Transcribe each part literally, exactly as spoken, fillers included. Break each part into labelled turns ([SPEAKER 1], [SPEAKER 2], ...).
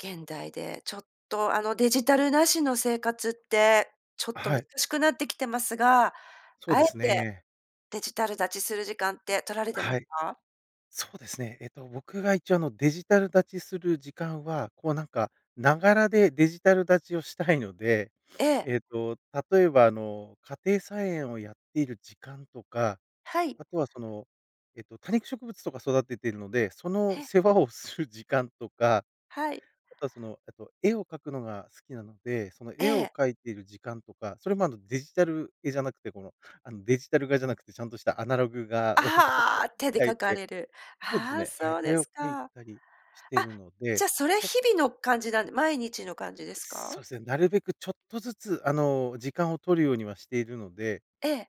[SPEAKER 1] 現代で、ちょっと、あの、デジタル無しの生活って、ちょっと
[SPEAKER 2] は
[SPEAKER 1] 難
[SPEAKER 2] い。
[SPEAKER 1] しくなってきてますが、
[SPEAKER 2] そう
[SPEAKER 1] あえ
[SPEAKER 2] です
[SPEAKER 1] て
[SPEAKER 2] ね。
[SPEAKER 1] デジタル断ちする時間って取られてま
[SPEAKER 2] は
[SPEAKER 1] す
[SPEAKER 2] い。
[SPEAKER 1] か？
[SPEAKER 2] そうですね。えっと、僕が一応、あの、デジタル断ちする時間は、こう、なんか、ながらでデジタル断ちをしたいので、
[SPEAKER 1] え え。
[SPEAKER 2] ええっと、例えば、あの、家庭菜園をやっている時間とか、
[SPEAKER 1] はい。
[SPEAKER 2] あとは、その、えっと、多肉植物とか育ててるので、その、
[SPEAKER 1] へ。
[SPEAKER 2] 世話をする時間とか、
[SPEAKER 1] はい。
[SPEAKER 2] あとは、その、えっと、絵を描くのが好きなので、その、
[SPEAKER 1] え
[SPEAKER 2] 絵を
[SPEAKER 1] え。
[SPEAKER 2] 描いている時間とか、それも、あの、デジタル絵じゃなくて、この、あの、デジタル画じゃなくてちゃんとしたアナログ画を、こう、
[SPEAKER 1] ああ。手で
[SPEAKER 2] 描い
[SPEAKER 1] 書か
[SPEAKER 2] て
[SPEAKER 1] れる。
[SPEAKER 2] そうです
[SPEAKER 1] ああ、
[SPEAKER 2] ね。は
[SPEAKER 1] そ
[SPEAKER 2] い。
[SPEAKER 1] うで
[SPEAKER 2] 絵を
[SPEAKER 1] す
[SPEAKER 2] 描い
[SPEAKER 1] か。あ、
[SPEAKER 2] たりしてるの
[SPEAKER 1] じゃ
[SPEAKER 2] で、
[SPEAKER 1] あ、それ
[SPEAKER 2] そ
[SPEAKER 1] 日々の感じなんで、毎日の感じですか？
[SPEAKER 2] そうですね。なるべく、ちょっとずつ、あの、時間を取るようにはしているので
[SPEAKER 1] ええ。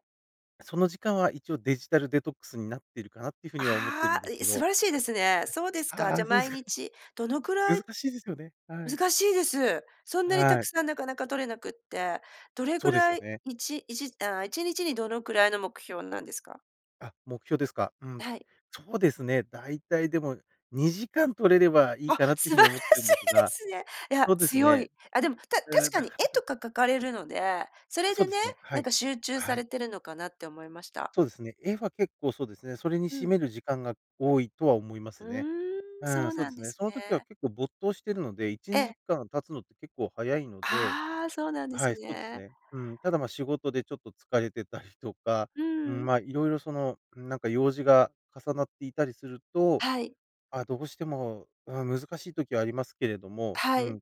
[SPEAKER 2] その時間は一応デジタルデトックスになってるかなっていう風には、思ってる
[SPEAKER 1] あ
[SPEAKER 2] ん
[SPEAKER 1] あ、
[SPEAKER 2] です
[SPEAKER 1] い
[SPEAKER 2] け
[SPEAKER 1] 素
[SPEAKER 2] ど。
[SPEAKER 1] 晴らしいですね。そうです
[SPEAKER 2] はい。
[SPEAKER 1] か。
[SPEAKER 2] あ
[SPEAKER 1] じゃ
[SPEAKER 2] あ、
[SPEAKER 1] あ、
[SPEAKER 2] そうで
[SPEAKER 1] 毎
[SPEAKER 2] すか。
[SPEAKER 1] 日、どのくら
[SPEAKER 2] 難
[SPEAKER 1] い、
[SPEAKER 2] しいですよね。はい。
[SPEAKER 1] 難しいです。そんなにた
[SPEAKER 2] は
[SPEAKER 1] く
[SPEAKER 2] い。
[SPEAKER 1] さんなかなか取れなくって。どれ
[SPEAKER 2] そ
[SPEAKER 1] ぐ
[SPEAKER 2] うです
[SPEAKER 1] ら
[SPEAKER 2] よ
[SPEAKER 1] い、
[SPEAKER 2] ね。
[SPEAKER 1] いちいちああ、いちにちにどのくらいの目標なんですか？
[SPEAKER 2] あ、目標ですか。うん。
[SPEAKER 1] はい。
[SPEAKER 2] そうですね。大体でも、にじかん取れればいい
[SPEAKER 1] あ、
[SPEAKER 2] かなって
[SPEAKER 1] 素
[SPEAKER 2] いう
[SPEAKER 1] 晴
[SPEAKER 2] 風
[SPEAKER 1] ら
[SPEAKER 2] に
[SPEAKER 1] し
[SPEAKER 2] 思ってん
[SPEAKER 1] い
[SPEAKER 2] です
[SPEAKER 1] で
[SPEAKER 2] が
[SPEAKER 1] すね。いや、
[SPEAKER 2] そうです
[SPEAKER 1] 強
[SPEAKER 2] ね。
[SPEAKER 1] い。あ、でも、た確
[SPEAKER 2] うーん、
[SPEAKER 1] か
[SPEAKER 2] な
[SPEAKER 1] に
[SPEAKER 2] かな
[SPEAKER 1] 絵
[SPEAKER 2] か。
[SPEAKER 1] とか描かれるので、それ
[SPEAKER 2] そう
[SPEAKER 1] で
[SPEAKER 2] で
[SPEAKER 1] ね、
[SPEAKER 2] すね。は
[SPEAKER 1] なん
[SPEAKER 2] い。
[SPEAKER 1] か集中さ
[SPEAKER 2] は
[SPEAKER 1] れ
[SPEAKER 2] い。
[SPEAKER 1] てるのかなって思いました。
[SPEAKER 2] そうですね。絵は結構そうですね。それに
[SPEAKER 1] う
[SPEAKER 2] 占
[SPEAKER 1] ん。
[SPEAKER 2] める時間が多いとは思いま
[SPEAKER 1] う
[SPEAKER 2] すね。
[SPEAKER 1] ーん、
[SPEAKER 2] う
[SPEAKER 1] そ
[SPEAKER 2] ん、
[SPEAKER 1] う
[SPEAKER 2] そう
[SPEAKER 1] な
[SPEAKER 2] で
[SPEAKER 1] ん
[SPEAKER 2] す
[SPEAKER 1] で
[SPEAKER 2] ね。
[SPEAKER 1] す
[SPEAKER 2] その時は
[SPEAKER 1] ね。
[SPEAKER 2] 結構没頭してるのでいち
[SPEAKER 1] え
[SPEAKER 2] にじ
[SPEAKER 1] え。
[SPEAKER 2] かん経つのって結構早いので
[SPEAKER 1] ああ、そうなんで
[SPEAKER 2] は
[SPEAKER 1] す
[SPEAKER 2] い、そうです
[SPEAKER 1] ね。
[SPEAKER 2] ね。うん。ただ、ま、仕事でちょっと疲れてたりとか
[SPEAKER 1] う
[SPEAKER 2] うん、
[SPEAKER 1] ん。
[SPEAKER 2] まあ、いろいろ、その、なんか用事が重なっていたりすると、
[SPEAKER 1] はい。
[SPEAKER 2] あ、どうしても、うん、難しい時はありますけれども、
[SPEAKER 1] は
[SPEAKER 2] う
[SPEAKER 1] い。
[SPEAKER 2] ん。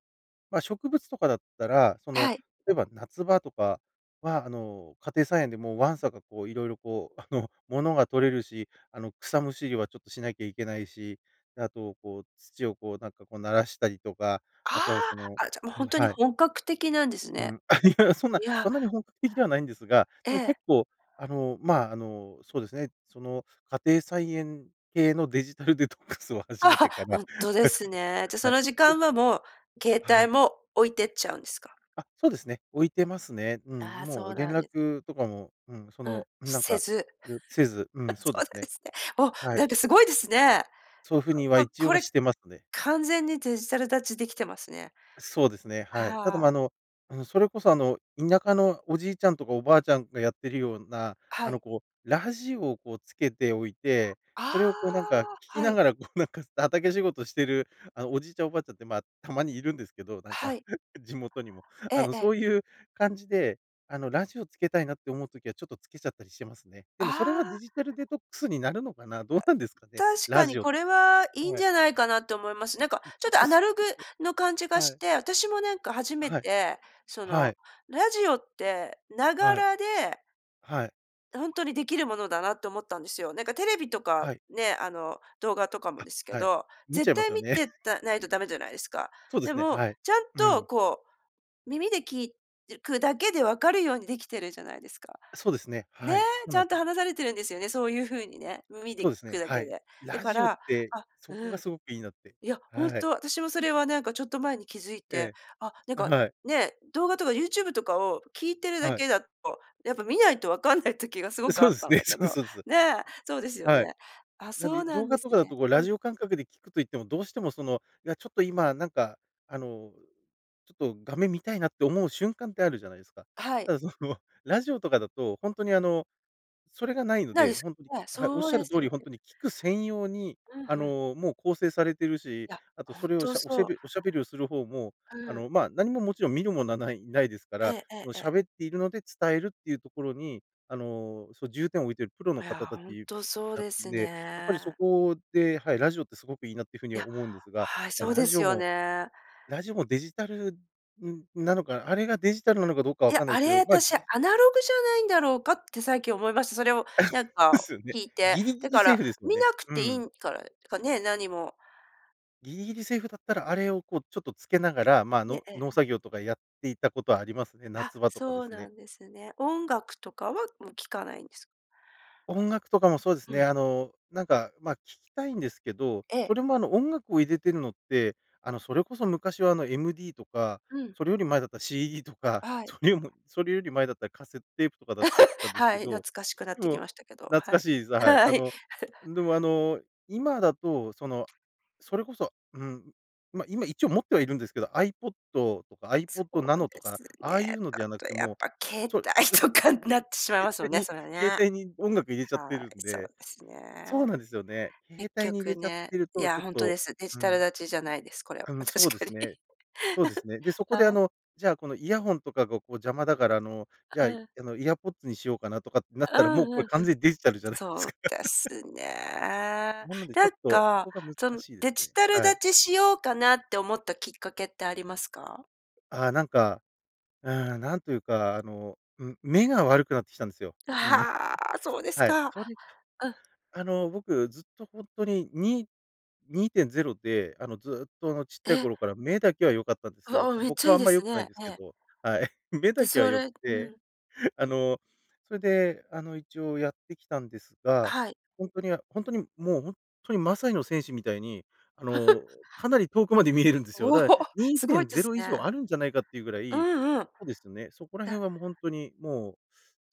[SPEAKER 2] ま、植物とかだったら、その、
[SPEAKER 1] はい。
[SPEAKER 2] 例えば夏場とかは、あの、家庭菜園で、もう、わんさか、こう、色々、こう、あの、ものが採れるし、あの、草むしりはちょっとしなきゃいけないし、で、あと、こう、土を、こう、なんか、こう、ならしたりとか、
[SPEAKER 1] あ
[SPEAKER 2] あとは、その
[SPEAKER 1] あ。あ、じゃ、もう、
[SPEAKER 2] う
[SPEAKER 1] ほ
[SPEAKER 2] ん、
[SPEAKER 1] んとに
[SPEAKER 2] はい。
[SPEAKER 1] 本格的なんです
[SPEAKER 2] う
[SPEAKER 1] ね。
[SPEAKER 2] ん。あ、いや、そんな、
[SPEAKER 1] いや。
[SPEAKER 2] そんなに本格的ではないんですが、
[SPEAKER 1] え
[SPEAKER 2] でも
[SPEAKER 1] え。
[SPEAKER 2] 結構、あの、ま、あの、そうですね。その、家庭菜園系のデジタルデトックスを始
[SPEAKER 1] あ
[SPEAKER 2] め
[SPEAKER 1] は、
[SPEAKER 2] てか
[SPEAKER 1] ほ
[SPEAKER 2] ら
[SPEAKER 1] んとで
[SPEAKER 2] はい、そ
[SPEAKER 1] す
[SPEAKER 2] うです。
[SPEAKER 1] ね。じゃ、そ
[SPEAKER 2] はい。
[SPEAKER 1] の時間は、もう携
[SPEAKER 2] はい。
[SPEAKER 1] 帯も置いてっちゃうんですか？
[SPEAKER 2] あ、そうですね。置いてますね。うん、
[SPEAKER 1] ああ、
[SPEAKER 2] も
[SPEAKER 1] そ
[SPEAKER 2] う
[SPEAKER 1] う
[SPEAKER 2] 連
[SPEAKER 1] なんです。
[SPEAKER 2] 絡とかも、うん。そ
[SPEAKER 1] うん。
[SPEAKER 2] のなん
[SPEAKER 1] せ
[SPEAKER 2] か、
[SPEAKER 1] ず。
[SPEAKER 2] よせず。う
[SPEAKER 1] そ
[SPEAKER 2] ん。そうで
[SPEAKER 1] うなん
[SPEAKER 2] す
[SPEAKER 1] で
[SPEAKER 2] ね。
[SPEAKER 1] すね。お、
[SPEAKER 2] は
[SPEAKER 1] な
[SPEAKER 2] い。
[SPEAKER 1] んかすごいですね。
[SPEAKER 2] そう
[SPEAKER 1] ち
[SPEAKER 2] 風には
[SPEAKER 1] ょこ
[SPEAKER 2] 一応
[SPEAKER 1] こ
[SPEAKER 2] は、
[SPEAKER 1] れ
[SPEAKER 2] してますね。
[SPEAKER 1] 完全にデジタル断ちできてますね。
[SPEAKER 2] そうですね、はい。ただ、
[SPEAKER 1] は
[SPEAKER 2] ま、あ
[SPEAKER 1] あ。
[SPEAKER 2] のあの、それこそ、あの、田舎のおじいちゃんとかおばあちゃんがやってるような、
[SPEAKER 1] は
[SPEAKER 2] あの、
[SPEAKER 1] い。
[SPEAKER 2] こう、ラジオを、こう、つけておいて、それをこうなんか、聴
[SPEAKER 1] ああ、
[SPEAKER 2] き
[SPEAKER 1] は
[SPEAKER 2] な
[SPEAKER 1] い。
[SPEAKER 2] がら、こう、なんか畑仕事してる、あの、おじいちゃんおばあちゃんって、ま、たまにいるんですけど、なん
[SPEAKER 1] は
[SPEAKER 2] か、
[SPEAKER 1] い。
[SPEAKER 2] 地元にも。
[SPEAKER 1] え
[SPEAKER 2] あ
[SPEAKER 1] え
[SPEAKER 2] の、
[SPEAKER 1] え
[SPEAKER 2] そ
[SPEAKER 1] え。
[SPEAKER 2] ういう感じで、あの、ラジオつけたいなって思う時はちょっとつけちゃったりしてますね。で
[SPEAKER 1] あ
[SPEAKER 2] も、それはデ
[SPEAKER 1] あ。
[SPEAKER 2] ジタルデトックスになるのかな、
[SPEAKER 1] あ、
[SPEAKER 2] どうなんですかね。
[SPEAKER 1] 確
[SPEAKER 2] ラ
[SPEAKER 1] か
[SPEAKER 2] ジ
[SPEAKER 1] に
[SPEAKER 2] オって。
[SPEAKER 1] これはいいん
[SPEAKER 2] は
[SPEAKER 1] じ
[SPEAKER 2] い。
[SPEAKER 1] ゃないかなって思います。なんか
[SPEAKER 2] うん、ち
[SPEAKER 1] ち
[SPEAKER 2] ょ
[SPEAKER 1] ょっ
[SPEAKER 2] っ
[SPEAKER 1] と
[SPEAKER 2] と、
[SPEAKER 1] アナ
[SPEAKER 2] す
[SPEAKER 1] ログ
[SPEAKER 2] [unintelligible]
[SPEAKER 1] の感じが
[SPEAKER 2] は
[SPEAKER 1] し
[SPEAKER 2] い。
[SPEAKER 1] て、私もなんか初め
[SPEAKER 2] はい。
[SPEAKER 1] て、そ
[SPEAKER 2] は
[SPEAKER 1] の、
[SPEAKER 2] い。
[SPEAKER 1] ラジオって、なが
[SPEAKER 2] はい。
[SPEAKER 1] らで
[SPEAKER 2] はい。
[SPEAKER 1] ほんとにできるものだなって思ったんですよ。なんかテレビとか、
[SPEAKER 2] はい。
[SPEAKER 1] ね、あの、動画とかも
[SPEAKER 2] あ、
[SPEAKER 1] ですけ
[SPEAKER 2] はい。
[SPEAKER 1] ど、
[SPEAKER 2] 見ちゃ
[SPEAKER 1] 絶
[SPEAKER 2] いま
[SPEAKER 1] 対
[SPEAKER 2] すよ
[SPEAKER 1] 見
[SPEAKER 2] ね。
[SPEAKER 1] て、たないと駄目じゃないですか。
[SPEAKER 2] そうで
[SPEAKER 1] で
[SPEAKER 2] すね、
[SPEAKER 1] も、
[SPEAKER 2] はい。
[SPEAKER 1] ちゃん
[SPEAKER 2] うん。
[SPEAKER 1] と、こう、耳で聞いてくだけで分かるようにできてるじゃないですか。
[SPEAKER 2] そうですね。
[SPEAKER 1] ね、
[SPEAKER 2] はい。そう
[SPEAKER 1] ち
[SPEAKER 2] な
[SPEAKER 1] ゃ
[SPEAKER 2] ん
[SPEAKER 1] ん
[SPEAKER 2] す
[SPEAKER 1] と
[SPEAKER 2] よ。
[SPEAKER 1] 話されてるんですよね、そういう風にね。耳で
[SPEAKER 2] そ
[SPEAKER 1] 聞
[SPEAKER 2] うです
[SPEAKER 1] く
[SPEAKER 2] ね、
[SPEAKER 1] だ
[SPEAKER 2] は
[SPEAKER 1] け
[SPEAKER 2] い。
[SPEAKER 1] で。だ
[SPEAKER 2] ラ
[SPEAKER 1] か
[SPEAKER 2] ジオっ
[SPEAKER 1] ら
[SPEAKER 2] て、
[SPEAKER 1] あ、
[SPEAKER 2] そこ
[SPEAKER 1] う
[SPEAKER 2] が
[SPEAKER 1] ん。
[SPEAKER 2] すごくいいなって。
[SPEAKER 1] いや、ほん
[SPEAKER 2] はい。
[SPEAKER 1] と、私もそれはなんかちょっと前に気づいて、
[SPEAKER 2] ええ、
[SPEAKER 1] あ、なん
[SPEAKER 2] あ、
[SPEAKER 1] か
[SPEAKER 2] はい。
[SPEAKER 1] ね、動画とかユーチューブとかを聴いてるだ
[SPEAKER 2] はい。
[SPEAKER 1] けだと、やっぱ見ないとわかんない時がすごくあ
[SPEAKER 2] そ
[SPEAKER 1] っ
[SPEAKER 2] うです
[SPEAKER 1] たん
[SPEAKER 2] ね。
[SPEAKER 1] だけ
[SPEAKER 2] そう
[SPEAKER 1] ど
[SPEAKER 2] そうそう。
[SPEAKER 1] ね、そうですよ
[SPEAKER 2] はい。
[SPEAKER 1] ね。あ、
[SPEAKER 2] なん
[SPEAKER 1] そう
[SPEAKER 2] で、
[SPEAKER 1] な
[SPEAKER 2] 動
[SPEAKER 1] んで
[SPEAKER 2] 画と
[SPEAKER 1] す
[SPEAKER 2] かだ
[SPEAKER 1] ね。
[SPEAKER 2] と、こう、
[SPEAKER 1] う
[SPEAKER 2] ラ
[SPEAKER 1] ん。
[SPEAKER 2] ジオ感覚で聴くと言っても、どうしても、その、いや、ちょっと今なんか、あの、ちょっと画面見たいなって思う瞬間ってあるじゃないですか。
[SPEAKER 1] はい。
[SPEAKER 2] ただ、その、ラジオとかだと、ほんとに、あの、それがないの
[SPEAKER 1] ないで
[SPEAKER 2] で、
[SPEAKER 1] す、
[SPEAKER 2] ほんとに
[SPEAKER 1] ね、
[SPEAKER 2] はい、おっ
[SPEAKER 1] そう
[SPEAKER 2] しゃ
[SPEAKER 1] で
[SPEAKER 2] る
[SPEAKER 1] す
[SPEAKER 2] 通
[SPEAKER 1] よ
[SPEAKER 2] り、ほん
[SPEAKER 1] ね。
[SPEAKER 2] とに聴く専用に、
[SPEAKER 1] うん、
[SPEAKER 2] あ
[SPEAKER 1] ふん。
[SPEAKER 2] の、もう、構成されてるし、
[SPEAKER 1] いや、
[SPEAKER 2] あと
[SPEAKER 1] ほ
[SPEAKER 2] そ
[SPEAKER 1] ん
[SPEAKER 2] れを、
[SPEAKER 1] と、
[SPEAKER 2] しゃおしゃ
[SPEAKER 1] そう。
[SPEAKER 2] べおしゃべりをする方も、
[SPEAKER 1] う
[SPEAKER 2] あ
[SPEAKER 1] ん。
[SPEAKER 2] の、ま、何ももちろん見るものはないないですか
[SPEAKER 1] え
[SPEAKER 2] ら、
[SPEAKER 1] ええ
[SPEAKER 2] そ
[SPEAKER 1] え
[SPEAKER 2] の、
[SPEAKER 1] ええ。
[SPEAKER 2] 喋っているので伝えるっていうところに、あの、そ重点を置いているプロの
[SPEAKER 1] いや、
[SPEAKER 2] 方た
[SPEAKER 1] ほん
[SPEAKER 2] ち
[SPEAKER 1] とそう
[SPEAKER 2] な
[SPEAKER 1] で
[SPEAKER 2] ん
[SPEAKER 1] す
[SPEAKER 2] で、やっぱりそ
[SPEAKER 1] ね。
[SPEAKER 2] こではい、ラジオってすごくいいなっていう風に
[SPEAKER 1] い
[SPEAKER 2] は
[SPEAKER 1] や、
[SPEAKER 2] 思うんですが、
[SPEAKER 1] はい、
[SPEAKER 2] ま、
[SPEAKER 1] そう
[SPEAKER 2] ラ
[SPEAKER 1] で
[SPEAKER 2] ジ
[SPEAKER 1] す
[SPEAKER 2] オ
[SPEAKER 1] よ
[SPEAKER 2] も
[SPEAKER 1] ね。
[SPEAKER 2] ラジオもデジタル、んなのかな。あれがデジタルなのかどうか
[SPEAKER 1] い
[SPEAKER 2] わ
[SPEAKER 1] や、
[SPEAKER 2] かんないで
[SPEAKER 1] あ
[SPEAKER 2] すけ
[SPEAKER 1] れ、
[SPEAKER 2] ど、まあ、
[SPEAKER 1] 私ア
[SPEAKER 2] ぎ
[SPEAKER 1] ナログじゃないんだろうかって最近思いました。それを
[SPEAKER 2] あ、
[SPEAKER 1] なん
[SPEAKER 2] で
[SPEAKER 1] か
[SPEAKER 2] すよね。
[SPEAKER 1] 聞いて。
[SPEAKER 2] ギリギ
[SPEAKER 1] だ
[SPEAKER 2] リ
[SPEAKER 1] か
[SPEAKER 2] セー
[SPEAKER 1] ら、
[SPEAKER 2] フですよ
[SPEAKER 1] 見
[SPEAKER 2] ね。
[SPEAKER 1] なく
[SPEAKER 2] う
[SPEAKER 1] てい
[SPEAKER 2] ん。
[SPEAKER 1] んからかね、何も。
[SPEAKER 2] ギリギリセーフだったら、あれを、こう、ちょっとつけながら、まあ、
[SPEAKER 1] ね。
[SPEAKER 2] の
[SPEAKER 1] ええ。
[SPEAKER 2] 農作業とかやっていたことはありますね。
[SPEAKER 1] あ、
[SPEAKER 2] 夏場とかで
[SPEAKER 1] そう
[SPEAKER 2] すね。
[SPEAKER 1] なんですね。音楽とかは、もう、聴かないんです。
[SPEAKER 2] 音楽とかもそうです
[SPEAKER 1] う
[SPEAKER 2] ね。
[SPEAKER 1] ん。
[SPEAKER 2] あの、なんか、まあ、聴きたいんですけど、
[SPEAKER 1] ええ。
[SPEAKER 2] それも、あの、音楽を入れてるのって、あの、それこそ昔は、あの、MD とか、
[SPEAKER 1] うん。
[SPEAKER 2] それより前だったら CD とか、
[SPEAKER 1] あい。
[SPEAKER 2] それよもそれより前だったらカセットテープとかだったん です
[SPEAKER 1] は
[SPEAKER 2] け
[SPEAKER 1] い、懐
[SPEAKER 2] ど、
[SPEAKER 1] かしくなっ
[SPEAKER 2] で
[SPEAKER 1] てき
[SPEAKER 2] も、
[SPEAKER 1] ましたけど。
[SPEAKER 2] 懐
[SPEAKER 1] は
[SPEAKER 2] か
[SPEAKER 1] い。
[SPEAKER 2] しいですはい。あ
[SPEAKER 1] はい。
[SPEAKER 2] の、でも、あの、今だと、その、それこそ、うーん、ま、今、一応持ってはいるんですけど、アイポッドとか、アイポ
[SPEAKER 1] そ
[SPEAKER 2] ッドナ
[SPEAKER 1] う
[SPEAKER 2] ノと
[SPEAKER 1] で
[SPEAKER 2] か、
[SPEAKER 1] す
[SPEAKER 2] ああいう
[SPEAKER 1] ね。
[SPEAKER 2] の
[SPEAKER 1] だ
[SPEAKER 2] ではな
[SPEAKER 1] と
[SPEAKER 2] くて、
[SPEAKER 1] や
[SPEAKER 2] も
[SPEAKER 1] っ
[SPEAKER 2] う
[SPEAKER 1] ぱ携
[SPEAKER 2] そう、
[SPEAKER 1] 帯とかになってしまい ます
[SPEAKER 2] 携
[SPEAKER 1] も
[SPEAKER 2] 帯
[SPEAKER 1] んね、
[SPEAKER 2] に
[SPEAKER 1] それね。
[SPEAKER 2] 携帯に音楽入れちゃって
[SPEAKER 1] は
[SPEAKER 2] るん
[SPEAKER 1] い、そう
[SPEAKER 2] で
[SPEAKER 1] です
[SPEAKER 2] そうなんで
[SPEAKER 1] ね。
[SPEAKER 2] すよね。携
[SPEAKER 1] 結
[SPEAKER 2] 帯に入れ
[SPEAKER 1] 局
[SPEAKER 2] ちゃっ
[SPEAKER 1] ね、
[SPEAKER 2] てる
[SPEAKER 1] い
[SPEAKER 2] と、ちょ
[SPEAKER 1] や、
[SPEAKER 2] っ
[SPEAKER 1] ほんと
[SPEAKER 2] と、
[SPEAKER 1] です。デジ
[SPEAKER 2] う
[SPEAKER 1] タル
[SPEAKER 2] ん。
[SPEAKER 1] 断ちじゃないです。これは。
[SPEAKER 2] あの、
[SPEAKER 1] 確
[SPEAKER 2] そうで
[SPEAKER 1] か
[SPEAKER 2] す
[SPEAKER 1] に。
[SPEAKER 2] ねそうで すね。で、そこで、あ
[SPEAKER 1] はい。
[SPEAKER 2] の、じゃあ、この、イヤホンとかが、こう、邪魔だから、あの、じゃあ、
[SPEAKER 1] う
[SPEAKER 2] い
[SPEAKER 1] ん。
[SPEAKER 2] あの、エアーポッズにしようかなとかってなっ
[SPEAKER 1] う
[SPEAKER 2] たらも
[SPEAKER 1] ん
[SPEAKER 2] うこれ
[SPEAKER 1] うんうん。
[SPEAKER 2] 完全にデジタルじゃないで
[SPEAKER 1] そ
[SPEAKER 2] す
[SPEAKER 1] う
[SPEAKER 2] か。
[SPEAKER 1] で すね。
[SPEAKER 2] なので、ちょ
[SPEAKER 1] な
[SPEAKER 2] っ
[SPEAKER 1] ん
[SPEAKER 2] とそ
[SPEAKER 1] か、
[SPEAKER 2] こが難
[SPEAKER 1] その
[SPEAKER 2] しいです
[SPEAKER 1] デジ
[SPEAKER 2] ね。
[SPEAKER 1] タル
[SPEAKER 2] はい。
[SPEAKER 1] 断ちしようかなって思ったきっかけってありますか？
[SPEAKER 2] あ、なんか、うん。なんというか、あの、ん目が悪くなってきたんですよ。うん。
[SPEAKER 1] はあ、そうです
[SPEAKER 2] はい。
[SPEAKER 1] か。
[SPEAKER 2] それに、
[SPEAKER 1] うん。
[SPEAKER 2] あの、僕ずっとほんとにに、にいてんぜろで、あの、ずっと、あの、ちっちゃい
[SPEAKER 1] え。
[SPEAKER 2] 頃から目だけは良かったんで
[SPEAKER 1] う
[SPEAKER 2] すよ。
[SPEAKER 1] わ、めっ
[SPEAKER 2] ほ
[SPEAKER 1] ち
[SPEAKER 2] か
[SPEAKER 1] ゃ
[SPEAKER 2] は
[SPEAKER 1] いい
[SPEAKER 2] あん
[SPEAKER 1] で
[SPEAKER 2] まり良
[SPEAKER 1] す
[SPEAKER 2] くないん
[SPEAKER 1] ね。
[SPEAKER 2] です
[SPEAKER 1] え
[SPEAKER 2] け
[SPEAKER 1] え。
[SPEAKER 2] ど。はい。目
[SPEAKER 1] で、
[SPEAKER 2] だけは
[SPEAKER 1] そ
[SPEAKER 2] 良く
[SPEAKER 1] れ、う
[SPEAKER 2] て。
[SPEAKER 1] ん。
[SPEAKER 2] あの、それで、あの、一応やってきたんですが、
[SPEAKER 1] はい。
[SPEAKER 2] ほんとに、あほんとに、もう、ほんっとにマサイの戦士みたいに、あの、かなり遠くまで見えるんですよ。
[SPEAKER 1] おお、
[SPEAKER 2] だからにい
[SPEAKER 1] す
[SPEAKER 2] て
[SPEAKER 1] ごい
[SPEAKER 2] ん
[SPEAKER 1] で
[SPEAKER 2] ぜ
[SPEAKER 1] す
[SPEAKER 2] ろ以上
[SPEAKER 1] ね。
[SPEAKER 2] あるんじゃないかっていうぐら
[SPEAKER 1] う
[SPEAKER 2] い
[SPEAKER 1] んうん。
[SPEAKER 2] そうですね、そこら
[SPEAKER 1] だ
[SPEAKER 2] 辺は、もう、ほんとに、もう、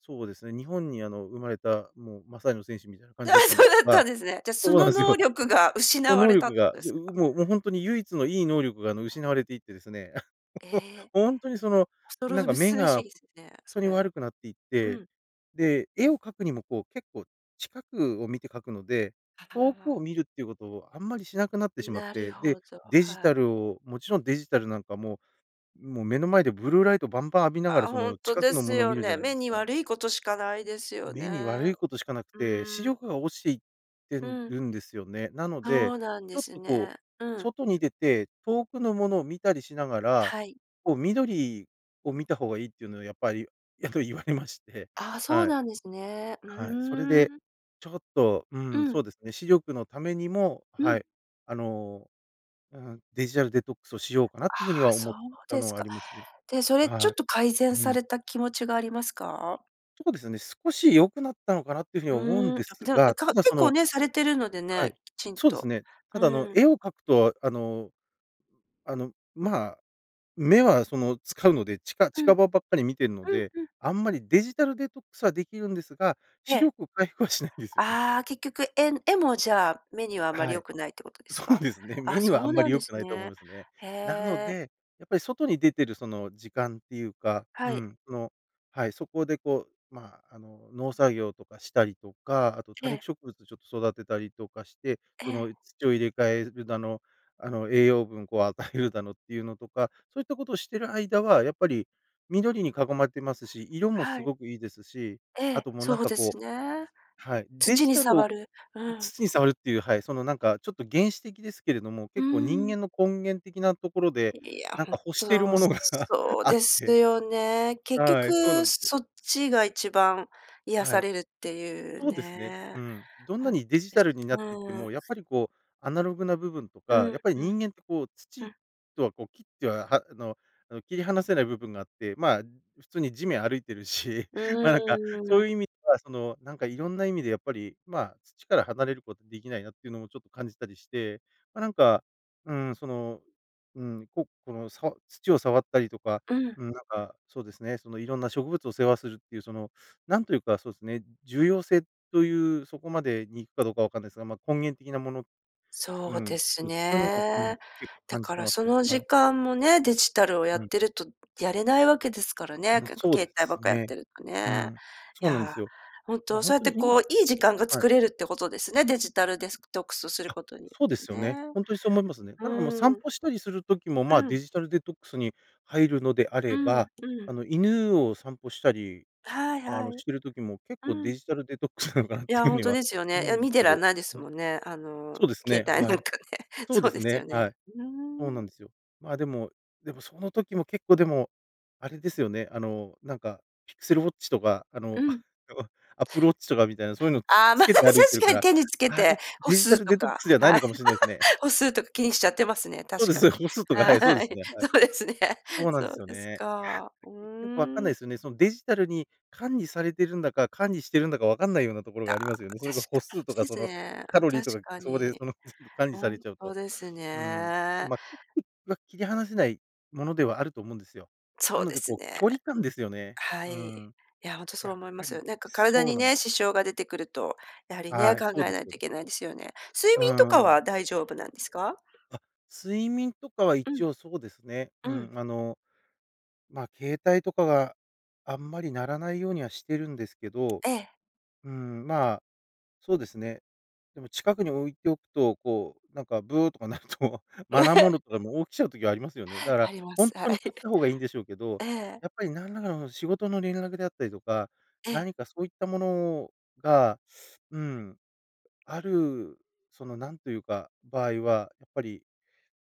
[SPEAKER 2] そうですね、日本に、あの、生まれたもうマサイの戦士みたいな感
[SPEAKER 1] ああ、
[SPEAKER 2] じだったん
[SPEAKER 1] そ
[SPEAKER 2] で
[SPEAKER 1] う
[SPEAKER 2] す
[SPEAKER 1] だっ
[SPEAKER 2] が
[SPEAKER 1] たんですね。じゃ、そ
[SPEAKER 2] そう
[SPEAKER 1] の
[SPEAKER 2] なんす
[SPEAKER 1] 能
[SPEAKER 2] よ。
[SPEAKER 1] 力が
[SPEAKER 2] そ
[SPEAKER 1] 失わ
[SPEAKER 2] の能
[SPEAKER 1] れたっ
[SPEAKER 2] 力
[SPEAKER 1] てこ
[SPEAKER 2] が。
[SPEAKER 1] とで
[SPEAKER 2] そ
[SPEAKER 1] すか？
[SPEAKER 2] う、うもう、ほんとに唯一のいい能力が、あの、失われていってですね。
[SPEAKER 1] え え。
[SPEAKER 2] ほんとに、その、
[SPEAKER 1] おそ
[SPEAKER 2] なん
[SPEAKER 1] ろ
[SPEAKER 2] か
[SPEAKER 1] ぶ
[SPEAKER 2] 目
[SPEAKER 1] すべし
[SPEAKER 2] がほ
[SPEAKER 1] りすね、
[SPEAKER 2] ん
[SPEAKER 1] そ
[SPEAKER 2] とに
[SPEAKER 1] れ。
[SPEAKER 2] 悪くなっていっ
[SPEAKER 1] う
[SPEAKER 2] て、
[SPEAKER 1] ん。
[SPEAKER 2] で、絵を描くにも、こう、結構近くを見て描くので、
[SPEAKER 1] あ
[SPEAKER 2] 遠く
[SPEAKER 1] ああ
[SPEAKER 2] を見
[SPEAKER 1] あ。
[SPEAKER 2] るっていうことをあんまりしなくなってしまっ
[SPEAKER 1] なる
[SPEAKER 2] て、で、
[SPEAKER 1] ほど、
[SPEAKER 2] デジ
[SPEAKER 1] は
[SPEAKER 2] タ
[SPEAKER 1] い。
[SPEAKER 2] ルをもちろんデジタルなんかもうもう、目の前でブルーライトバンバン浴びながら、
[SPEAKER 1] あ、
[SPEAKER 2] そ
[SPEAKER 1] ほん
[SPEAKER 2] の、
[SPEAKER 1] と
[SPEAKER 2] 近く
[SPEAKER 1] で
[SPEAKER 2] のも
[SPEAKER 1] す
[SPEAKER 2] のを見
[SPEAKER 1] よ
[SPEAKER 2] るじゃ
[SPEAKER 1] ね。
[SPEAKER 2] ないで
[SPEAKER 1] 目
[SPEAKER 2] す
[SPEAKER 1] に
[SPEAKER 2] か。
[SPEAKER 1] 悪いことしかないですよ
[SPEAKER 2] 目に悪
[SPEAKER 1] ね、
[SPEAKER 2] いことしかなく
[SPEAKER 1] う
[SPEAKER 2] て、視力
[SPEAKER 1] ん。
[SPEAKER 2] が落ちていって
[SPEAKER 1] うん。
[SPEAKER 2] るんですよね。なので、
[SPEAKER 1] そうなん
[SPEAKER 2] ち
[SPEAKER 1] で
[SPEAKER 2] ょっ
[SPEAKER 1] す
[SPEAKER 2] と、こう、
[SPEAKER 1] ね、うん。
[SPEAKER 2] 外に出て、遠くのものを見たりしながら、
[SPEAKER 1] はい。
[SPEAKER 2] こう、緑を見た方がいいっていうのは、やっぱりやっぱり言われまして、
[SPEAKER 1] ああ、そう
[SPEAKER 2] はい。
[SPEAKER 1] なんですね。う
[SPEAKER 2] はい。それ
[SPEAKER 1] ー
[SPEAKER 2] で
[SPEAKER 1] ん。
[SPEAKER 2] ちょっと、う
[SPEAKER 1] う
[SPEAKER 2] ん、
[SPEAKER 1] ん。
[SPEAKER 2] そうですね。視力のためにも、
[SPEAKER 1] う
[SPEAKER 2] は
[SPEAKER 1] ん。
[SPEAKER 2] い。あの、うーん、デジタルデトックスをしようかな
[SPEAKER 1] ああ、
[SPEAKER 2] という風には思
[SPEAKER 1] そ
[SPEAKER 2] っ
[SPEAKER 1] う
[SPEAKER 2] た
[SPEAKER 1] で
[SPEAKER 2] の
[SPEAKER 1] す
[SPEAKER 2] はあ
[SPEAKER 1] か。
[SPEAKER 2] りますね。
[SPEAKER 1] で、それちょ
[SPEAKER 2] は
[SPEAKER 1] っと改
[SPEAKER 2] い。
[SPEAKER 1] 善
[SPEAKER 2] う
[SPEAKER 1] さ
[SPEAKER 2] ん。
[SPEAKER 1] れた気持ちがありますか？
[SPEAKER 2] そうですね。少し良くなったのかなっていう風に思うん
[SPEAKER 1] うん、あ
[SPEAKER 2] で
[SPEAKER 1] ぷ
[SPEAKER 2] す
[SPEAKER 1] でも
[SPEAKER 2] が、
[SPEAKER 1] か
[SPEAKER 2] ただ、
[SPEAKER 1] 結
[SPEAKER 2] そ
[SPEAKER 1] 構
[SPEAKER 2] の
[SPEAKER 1] ね、されてるので
[SPEAKER 2] は
[SPEAKER 1] ね、
[SPEAKER 2] い。
[SPEAKER 1] きちん
[SPEAKER 2] そうです
[SPEAKER 1] と。
[SPEAKER 2] ね。ただ、あの、
[SPEAKER 1] うん。
[SPEAKER 2] 絵を描くと、あのあの、まあ、目は、その、使うので、ちか
[SPEAKER 1] うん。う
[SPEAKER 2] 近場ばっかり見てるの
[SPEAKER 1] ん
[SPEAKER 2] で、
[SPEAKER 1] うん。
[SPEAKER 2] あんまりデジタルデトックスはできるんですが、
[SPEAKER 1] え
[SPEAKER 2] 視
[SPEAKER 1] え。
[SPEAKER 2] 力回復はしないんですよね。
[SPEAKER 1] ああ、結局、えん絵もじゃあ、目にはあまり
[SPEAKER 2] は
[SPEAKER 1] 良
[SPEAKER 2] い。
[SPEAKER 1] くないってことです
[SPEAKER 2] そう
[SPEAKER 1] か？
[SPEAKER 2] ですね。
[SPEAKER 1] あ、
[SPEAKER 2] 目にはあ
[SPEAKER 1] そ
[SPEAKER 2] ん
[SPEAKER 1] う
[SPEAKER 2] ま
[SPEAKER 1] な
[SPEAKER 2] り
[SPEAKER 1] ん
[SPEAKER 2] 良
[SPEAKER 1] で
[SPEAKER 2] く
[SPEAKER 1] す
[SPEAKER 2] ないと思い
[SPEAKER 1] ね。
[SPEAKER 2] ますね。
[SPEAKER 1] へ
[SPEAKER 2] なの
[SPEAKER 1] え。
[SPEAKER 2] で、やっぱり外に出てる、その時間っていうかう
[SPEAKER 1] はい。
[SPEAKER 2] ん。その、はい。そこで、こう、ま、あの、農作業とかしたりとか、あと多
[SPEAKER 1] え
[SPEAKER 2] 肉
[SPEAKER 1] え。
[SPEAKER 2] 植物ちょっと育てたりとかして、
[SPEAKER 1] え
[SPEAKER 2] そ
[SPEAKER 1] え。
[SPEAKER 2] の、土を入れ替えるだの、あの、栄養分をこう与えるだのっていうのとか、そういったことをしてる間はやっぱり、緑に囲まれてますし、色もす
[SPEAKER 1] はい。
[SPEAKER 2] ごくいいですし、
[SPEAKER 1] え
[SPEAKER 2] あ
[SPEAKER 1] え、
[SPEAKER 2] と、もうな
[SPEAKER 1] そ
[SPEAKER 2] ん
[SPEAKER 1] う
[SPEAKER 2] か、
[SPEAKER 1] で
[SPEAKER 2] こ
[SPEAKER 1] す
[SPEAKER 2] う
[SPEAKER 1] ね。
[SPEAKER 2] はい。デ
[SPEAKER 1] 土
[SPEAKER 2] ジ
[SPEAKER 1] に
[SPEAKER 2] タルを
[SPEAKER 1] 触る。うん。
[SPEAKER 2] 土に触るっていう。はい、その、なんかちょっと原始的ですけれども、
[SPEAKER 1] うー
[SPEAKER 2] 結構人
[SPEAKER 1] ん。
[SPEAKER 2] 間の根源的なところで、
[SPEAKER 1] いや、
[SPEAKER 2] なん
[SPEAKER 1] 本
[SPEAKER 2] か欲してる
[SPEAKER 1] 当、
[SPEAKER 2] ものが
[SPEAKER 1] そう
[SPEAKER 2] あっ
[SPEAKER 1] です
[SPEAKER 2] て。
[SPEAKER 1] よね。結
[SPEAKER 2] はい、そうな
[SPEAKER 1] 局
[SPEAKER 2] んですよ。
[SPEAKER 1] そっちが一番癒
[SPEAKER 2] は
[SPEAKER 1] さ
[SPEAKER 2] い。
[SPEAKER 1] れるっていう
[SPEAKER 2] そうですね。
[SPEAKER 1] ね。
[SPEAKER 2] うん。どん
[SPEAKER 1] ほ
[SPEAKER 2] な
[SPEAKER 1] んと
[SPEAKER 2] にデジ
[SPEAKER 1] で
[SPEAKER 2] タ
[SPEAKER 1] す、
[SPEAKER 2] ルになっ
[SPEAKER 1] う
[SPEAKER 2] ていって
[SPEAKER 1] ん。
[SPEAKER 2] も、やっぱり、こう、アナログな部分と
[SPEAKER 1] う
[SPEAKER 2] か、や
[SPEAKER 1] ん
[SPEAKER 2] っぱり
[SPEAKER 1] うん。
[SPEAKER 2] 人間って、こう、
[SPEAKER 1] う
[SPEAKER 2] 土
[SPEAKER 1] ん。
[SPEAKER 2] とは、こう、切っては、はあのあの、切り離せない部分があって、まあ、普通に地面歩いてるし、
[SPEAKER 1] う
[SPEAKER 2] ま、なんか、そ
[SPEAKER 1] ー
[SPEAKER 2] う
[SPEAKER 1] ん。
[SPEAKER 2] いう意味では、その、なんかいろんな意味でやっぱり、まあ、土から、離れることできないなっていうのをちょっと感じたりして、まあ、なんか、うん、その、うん、ここのさ土を触ったりとか、
[SPEAKER 1] うん。
[SPEAKER 2] うん。なんか、そうですね。その、いろんな植物を世話するっていう、その、なんというか、そうですね。重要性という、そこまでに行くかどうかわかんないですが、ま、根源的なもの。う
[SPEAKER 1] そう
[SPEAKER 2] ん。
[SPEAKER 1] です
[SPEAKER 2] そうですね。そういうのも、うん、
[SPEAKER 1] ね。
[SPEAKER 2] 結構
[SPEAKER 1] だ
[SPEAKER 2] 感じ
[SPEAKER 1] か
[SPEAKER 2] て
[SPEAKER 1] ら、
[SPEAKER 2] ます
[SPEAKER 1] そ
[SPEAKER 2] ね。
[SPEAKER 1] の時
[SPEAKER 2] はい。
[SPEAKER 1] 間もね、デジタルをや
[SPEAKER 2] う
[SPEAKER 1] っ
[SPEAKER 2] ん。
[SPEAKER 1] てると、やれないわけですから
[SPEAKER 2] う
[SPEAKER 1] ね、
[SPEAKER 2] ん。
[SPEAKER 1] 結構、
[SPEAKER 2] そうで
[SPEAKER 1] 携帯ばっ
[SPEAKER 2] す
[SPEAKER 1] かやっ
[SPEAKER 2] ね。
[SPEAKER 1] てると
[SPEAKER 2] う
[SPEAKER 1] ね。
[SPEAKER 2] ん。
[SPEAKER 1] い
[SPEAKER 2] そうなんで
[SPEAKER 1] や、
[SPEAKER 2] すよ。
[SPEAKER 1] ほん
[SPEAKER 2] ま、
[SPEAKER 1] と、
[SPEAKER 2] ほん
[SPEAKER 1] そうやっ
[SPEAKER 2] と
[SPEAKER 1] て、
[SPEAKER 2] に
[SPEAKER 1] こ
[SPEAKER 2] 今
[SPEAKER 1] う、いい時間が
[SPEAKER 2] は
[SPEAKER 1] 作
[SPEAKER 2] い。
[SPEAKER 1] れるってことですね、デジタルデスクトックスする
[SPEAKER 2] あ、
[SPEAKER 1] ことによ
[SPEAKER 2] そうで
[SPEAKER 1] っ
[SPEAKER 2] す
[SPEAKER 1] て
[SPEAKER 2] よね。
[SPEAKER 1] ね。
[SPEAKER 2] ほんとに、そう思いますね。
[SPEAKER 1] う
[SPEAKER 2] ただ、あ、散
[SPEAKER 1] ん。
[SPEAKER 2] 歩したりする時も、
[SPEAKER 1] う
[SPEAKER 2] ま、デ
[SPEAKER 1] ん。
[SPEAKER 2] ジタルデトックスに入るのであ
[SPEAKER 1] う
[SPEAKER 2] れ
[SPEAKER 1] ん
[SPEAKER 2] ば、
[SPEAKER 1] うん。
[SPEAKER 2] あの、犬を散歩したり、
[SPEAKER 1] はい
[SPEAKER 2] あ
[SPEAKER 1] は
[SPEAKER 2] の
[SPEAKER 1] い。
[SPEAKER 2] してる時も結
[SPEAKER 1] う
[SPEAKER 2] 構デ
[SPEAKER 1] ん。
[SPEAKER 2] ジタルデトックスなのかなっ
[SPEAKER 1] い
[SPEAKER 2] ていう
[SPEAKER 1] や、ほ
[SPEAKER 2] 風
[SPEAKER 1] ん
[SPEAKER 2] に
[SPEAKER 1] と
[SPEAKER 2] は
[SPEAKER 1] ですよね。い
[SPEAKER 2] 思う
[SPEAKER 1] や、
[SPEAKER 2] んで
[SPEAKER 1] 見
[SPEAKER 2] す
[SPEAKER 1] て
[SPEAKER 2] け
[SPEAKER 1] らん
[SPEAKER 2] ど。
[SPEAKER 1] ないです
[SPEAKER 2] はい。
[SPEAKER 1] もんね。あの、
[SPEAKER 2] そうですね。
[SPEAKER 1] 携帯
[SPEAKER 2] は
[SPEAKER 1] なん
[SPEAKER 2] い。
[SPEAKER 1] かね。
[SPEAKER 2] そう
[SPEAKER 1] そ
[SPEAKER 2] で
[SPEAKER 1] うで
[SPEAKER 2] す
[SPEAKER 1] す
[SPEAKER 2] ね。
[SPEAKER 1] よね。
[SPEAKER 2] はい。
[SPEAKER 1] う
[SPEAKER 2] そうな
[SPEAKER 1] ー
[SPEAKER 2] ん
[SPEAKER 1] ん。
[SPEAKER 2] ですよ。ま、でもでも、その時も結構でも、あれですよね、あの、なんか、ピクセルウォッチとか、あ
[SPEAKER 1] う
[SPEAKER 2] のあ
[SPEAKER 1] ん。
[SPEAKER 2] の、アップルウォッチとかみたいな、そういうのをつ
[SPEAKER 1] ああ、
[SPEAKER 2] つ
[SPEAKER 1] まあ、
[SPEAKER 2] け
[SPEAKER 1] 確
[SPEAKER 2] て歩いてるか
[SPEAKER 1] かに
[SPEAKER 2] ら、
[SPEAKER 1] 手につけ
[SPEAKER 2] あれ、
[SPEAKER 1] て歩
[SPEAKER 2] デジタ
[SPEAKER 1] 数
[SPEAKER 2] ル
[SPEAKER 1] と
[SPEAKER 2] デトック
[SPEAKER 1] か、
[SPEAKER 2] スじゃない
[SPEAKER 1] は
[SPEAKER 2] の
[SPEAKER 1] い。
[SPEAKER 2] かもしれないすね。
[SPEAKER 1] 歩数とか気にしちゃってますね、
[SPEAKER 2] そう
[SPEAKER 1] 確
[SPEAKER 2] で
[SPEAKER 1] か
[SPEAKER 2] す
[SPEAKER 1] に。
[SPEAKER 2] よ。歩数とか、はい。そうで
[SPEAKER 1] は
[SPEAKER 2] す
[SPEAKER 1] い、
[SPEAKER 2] ね、はい。
[SPEAKER 1] そうですね。
[SPEAKER 2] そうなん
[SPEAKER 1] そ
[SPEAKER 2] です
[SPEAKER 1] う
[SPEAKER 2] よ
[SPEAKER 1] です
[SPEAKER 2] ね。いや、
[SPEAKER 1] か。う
[SPEAKER 2] 結局分かん
[SPEAKER 1] ー
[SPEAKER 2] ない
[SPEAKER 1] ん。
[SPEAKER 2] ですよね。そのデジタルに管理されてるんだか、管理してるんだか分かんないようなところ
[SPEAKER 1] た
[SPEAKER 2] が
[SPEAKER 1] あ、
[SPEAKER 2] ありますよね。それが
[SPEAKER 1] 確
[SPEAKER 2] 歩
[SPEAKER 1] か
[SPEAKER 2] 数と
[SPEAKER 1] に
[SPEAKER 2] か
[SPEAKER 1] [unintelligible] で
[SPEAKER 2] そ
[SPEAKER 1] す
[SPEAKER 2] の
[SPEAKER 1] ね、
[SPEAKER 2] カ
[SPEAKER 1] あ、
[SPEAKER 2] ロリー
[SPEAKER 1] 確
[SPEAKER 2] とか、
[SPEAKER 1] か
[SPEAKER 2] そこで、
[SPEAKER 1] に。
[SPEAKER 2] その、全部管理
[SPEAKER 1] ほ
[SPEAKER 2] され
[SPEAKER 1] ん
[SPEAKER 2] ちゃう
[SPEAKER 1] と
[SPEAKER 2] と。
[SPEAKER 1] です
[SPEAKER 2] うん。
[SPEAKER 1] ね。
[SPEAKER 2] ま [unintelligible] は切り離せないものではあると思うんですよ。な
[SPEAKER 1] そう
[SPEAKER 2] の
[SPEAKER 1] で
[SPEAKER 2] で、
[SPEAKER 1] す
[SPEAKER 2] こう、
[SPEAKER 1] ね。
[SPEAKER 2] 距離感ですよね。
[SPEAKER 1] は
[SPEAKER 2] う
[SPEAKER 1] い。
[SPEAKER 2] ん。
[SPEAKER 1] いや、ほんとそう
[SPEAKER 2] やっ
[SPEAKER 1] 思いま
[SPEAKER 2] ぱ
[SPEAKER 1] す。
[SPEAKER 2] り
[SPEAKER 1] なんか体
[SPEAKER 2] そう
[SPEAKER 1] に
[SPEAKER 2] なん。
[SPEAKER 1] ね、支障が出てくると、やはりね、
[SPEAKER 2] はい、
[SPEAKER 1] 考
[SPEAKER 2] そうで
[SPEAKER 1] えな
[SPEAKER 2] す
[SPEAKER 1] い
[SPEAKER 2] よ
[SPEAKER 1] と
[SPEAKER 2] ね。
[SPEAKER 1] いけないですよね。睡
[SPEAKER 2] う
[SPEAKER 1] 眠と
[SPEAKER 2] ー
[SPEAKER 1] か
[SPEAKER 2] ん。
[SPEAKER 1] は大丈夫なんですか？
[SPEAKER 2] あ、睡眠とかは
[SPEAKER 1] うん。
[SPEAKER 2] 一応そうですね。
[SPEAKER 1] う
[SPEAKER 2] う
[SPEAKER 1] ん。
[SPEAKER 2] ん。あの、ま、携帯とかがあんまり鳴らないようには、してるんですけど。
[SPEAKER 1] ええ。
[SPEAKER 2] うーん、ま、そうですね。でも近くに置いておくと、こう、なんかブーとか鳴ると、マナーモード とかでも起きちゃう時ありますよね。だから
[SPEAKER 1] ありま
[SPEAKER 2] ほん
[SPEAKER 1] す。は
[SPEAKER 2] とに
[SPEAKER 1] い。
[SPEAKER 2] 断った方がいいんでしょうけど、
[SPEAKER 1] ええ。
[SPEAKER 2] やっぱりなんらかの仕事の連絡であったりとか、
[SPEAKER 1] ええ。
[SPEAKER 2] 何かそういったものがうん。ある、そのなんというか、場合は、やっぱり、